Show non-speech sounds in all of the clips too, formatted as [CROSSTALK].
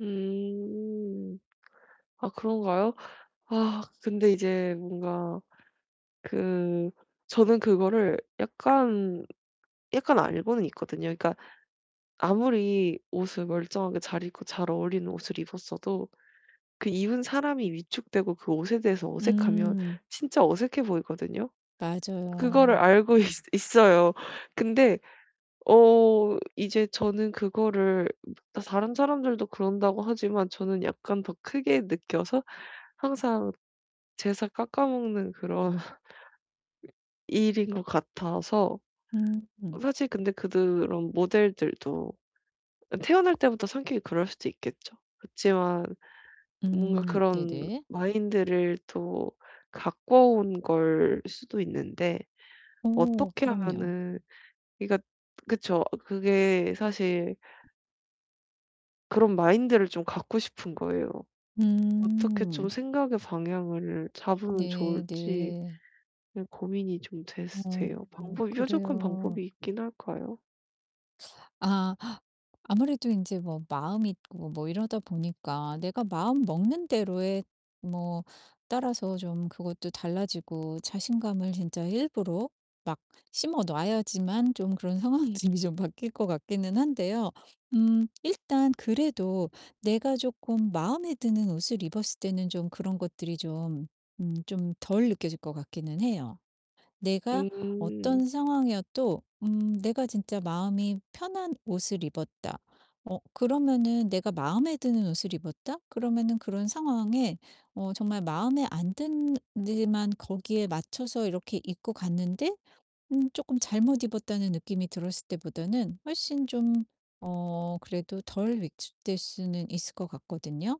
음. 아 그런가요? 아 근데 이제 뭔가 그 저는 그거를 약간 약간 알고는 있거든요. 그러니까 아무리 옷을 멀쩡하게 잘 입고 잘 어울리는 옷을 입었어도 그 입은 사람이 위축되고 그 옷에 대해서 어색하면 음. 진짜 어색해 보이거든요. 그거를 맞아요. 알고 있 있어요. 근데 어 이제 저는 그거를 다 다른 사람들도 그런다고 하지만 저는 약간 더 크게 느껴서 항상 제 살 깎아먹는 그런 [LAUGHS] 이 일인 것 같아서 어 음. 사실 근데 그드 런 모델들도 태어날 때부터 성격이 그럴 수도 있겠죠. 그치만 뭔가 음 그런 네네. 마인드를 또 가꿔온 걸 수도 있는데 오 어떻게 그럼요. 하면은 그러니까 그쵸. 그게 사실 그런 마인드를 좀 갖고 싶은 거에요. 어떻게 좀 음. [SNIFFS] 생각의 방향을 잡으면 네. 좋을지 네. 예 고민이 좀 됐 어. 돼요. 어 방법이 뾰족한 그래요. 방법이 있기는 할까요? 아. 아무래도 인제 뭐 마음이 있고 뭐 이러다 보니까 내가 마음 먹는 대로의 뭐 따라서 좀 그것도 달라지고 자신감을 진짜 일부러 막 심어 놔야지만 좀 그런 상황이 좀 이 좀 바뀔 것 같기는 한데요. 음 일단 그래도 내가 쪼끔 마음에 드는 옷을 입었을 때는 좀 그런 것들이 좀 음 좀 덜 느껴질 것 같기는 해요. 내가 음. 어떤 상황이어도 음 '내가 진짜 마음이 편한 옷을 입었다.' 어 그러면은 '내가 마음에 드는 옷을 입었다.' 그러면은 그런 상황에 어 정말 마음에 안 드는 데만 거기에 맞춰서 이렇게 입고 갔는데 음 쪼끔 '잘못 입었다.'는 느낌이 들었을 때보다는 훨씬 좀 어 그래도 덜 위축될 수는 있을 것 같거든요?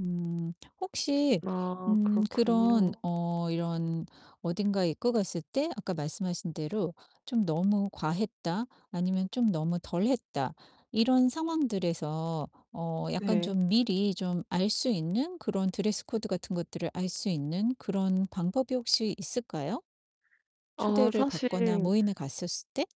음 혹시 아 음 그런 그렇군요. 어 이런 어딘가에 입고 갔을 때 아까 말씀하신 대로 좀 '너무 과했다.' 아니면 좀 '너무 덜했다.' 이런 상황들에서 어 약간 네. 좀 미리 좀 알 수 있는 그런 드레스 코드 같은 것들을 알 수 있는 그런 방법이 혹시 있을까요, 아 초대를 받거나 사실 모임에 갔었을 때?